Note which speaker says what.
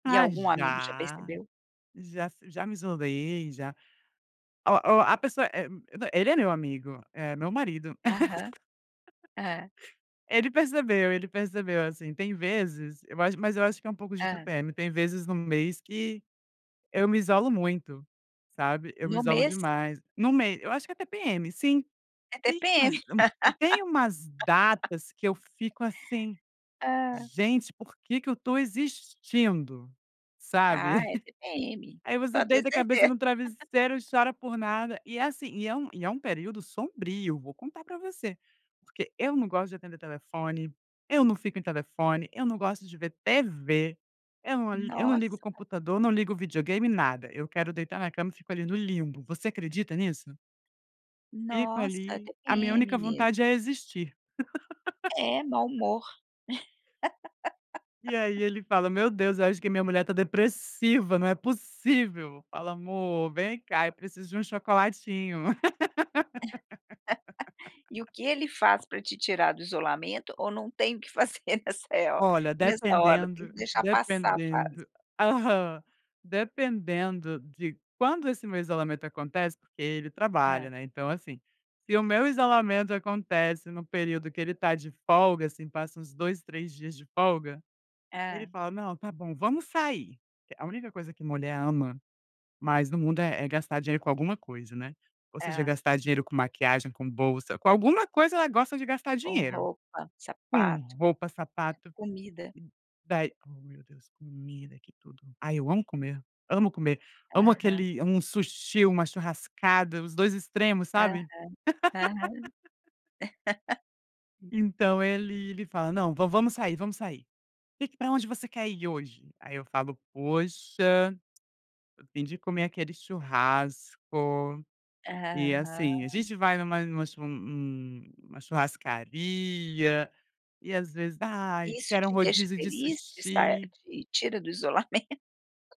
Speaker 1: E
Speaker 2: Ah,
Speaker 1: algum amigo já
Speaker 2: já,
Speaker 1: percebeu?
Speaker 2: já f já me isolei, já ó ó, a pessoa, eh, nã ele é meu amigo, é meu marido
Speaker 1: Aham. Hã.
Speaker 2: ele percebeu, ele percebeu, assim, tem vezes eu ach mas eu acho que é um pouco de
Speaker 1: Hã.
Speaker 2: TPM, tem vezes no mês que eu me isolo muito, sabe, eu me
Speaker 1: No
Speaker 2: isolo
Speaker 1: mês?
Speaker 2: demais. No mei eu acho que é TPM, sim.
Speaker 1: É
Speaker 2: Tem
Speaker 1: TPM.
Speaker 2: umas um tem umas datas que eu fico assim:
Speaker 1: Ah.
Speaker 2: "Gente, por que que eu estou existindo", sabe,
Speaker 1: Ah, é TPM,
Speaker 2: aí você
Speaker 1: pode ter
Speaker 2: deita a cabeça
Speaker 1: certeza.
Speaker 2: no travesseiro e chora por nada. E, assim, e é um e é um período sombrio, vou contar pra você, porque eu não gosto de atender telefone, eu não fico em telefone, eu não gosto de ver TV, eu não eu não ligo o
Speaker 1: Nossa.
Speaker 2: computador, não ligo o videogame, nada. Eu quero deitar na cama e fico ali no limbo. Você acredita nisso? Fico
Speaker 1: Nossa, é
Speaker 2: ali. A minha
Speaker 1: TPM
Speaker 2: única vontade
Speaker 1: mesmo.
Speaker 2: é existir.
Speaker 1: É, mau humor.
Speaker 2: E aí ele fala: "Meu Deus, eu acho que minha mulher tá depressiva, não é possível". Eu falo: "Mô, vem cá, eu preciso de um chocolatinho."
Speaker 1: E o que ele faz pra te tirar do isolamento ou não tem o que fazer nesse ho
Speaker 2: Olha,
Speaker 1: nessa hora, tem que
Speaker 2: dependendo
Speaker 1: deixar passar a fase?
Speaker 2: dependendo aham, dependendo de quando esse meu isolamento acontece, porque ele trabalha,
Speaker 1: Hã.
Speaker 2: né, então, assim, se o meu isolamento acontece no período que ele está de folga, assim, passa uns 2, 3 dias de folga, ele
Speaker 1: Hã.
Speaker 2: fala: "Não, está bom, vamos sair". A única coisa que mulher ama mais no mundo é é gastar dinheiro com alguma coisa, né, ou seja
Speaker 1: Hã.
Speaker 2: gastar dinheiro com maquiagem, com bolsa, com alguma coisa ela gosta de gastar
Speaker 1: Com
Speaker 2: dinheiro,
Speaker 1: roupa,
Speaker 2: com
Speaker 1: sapato,
Speaker 2: roupa, sapato.
Speaker 1: comida.
Speaker 2: Daí ó, meu Deus, comida que tudo. Ai, eu amo comer, amo comer, amo
Speaker 1: Aham.
Speaker 2: aquele amo um sushi, uma churrascada, os 2 extremos,
Speaker 1: Aham,
Speaker 2: sabe.
Speaker 1: aham.
Speaker 2: Então ele ele fala: "Não, va vamos sair, vamos sair, que pra onde você quer ir hoje?", aí eu falo: "Poxa, tô afim de comer aquele churrasco", e, assim, a
Speaker 1: Aham.
Speaker 2: gente vai numa numa chu num num numa churrascaria e, às vezes:
Speaker 1: E
Speaker 2: "Ai,
Speaker 1: isso
Speaker 2: quero um
Speaker 1: te deixa
Speaker 2: rodízio de
Speaker 1: feliz? De estar
Speaker 2: sushi".
Speaker 1: te tira do isolamen